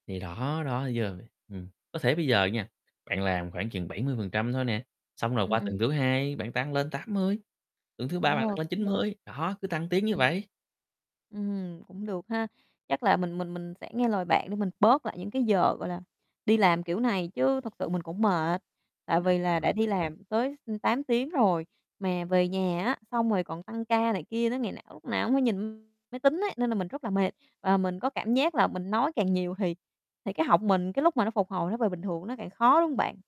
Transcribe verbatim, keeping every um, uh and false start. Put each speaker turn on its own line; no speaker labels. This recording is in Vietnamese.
Thì đó, đó thấy chưa [unintelligible] ừm, có thể bây giờ nha, bạn làm khoảng chừng bảy mươi phần trăm thôi nè. Xong rồi
Ừm,
qua tuần
ừm.
thứ hai, bạn tăng lên tám mươi, tuần thứ ba bạn tăng
Ờ,
lên chín
cũng được.
mươi, đó, cứ tăng tiến như
Ừm.
vậy.
Ừm, cũng được ha. Chắc là mình mình mình sẽ nghe lời bạn để mình bớt lại những cái giờ, gọi là, đi làm kiểu này, chứ thực sự mình cũng mệt. Tại vì là đã đi
[unintelligible]
làm tới tám tiếng rồi, mà về nhà á, xong rồi còn tăng ca này kia đến ngày nào, lúc nào cũng phải nhìn máy tính ấy, nên là mình rất là mệt. Và mình có cảm giác là mình nói càng nhiều thì thì cái họng mình, cái lúc mà nó phục hồi nó về bình thường nó càng khó, đúng hông bạn?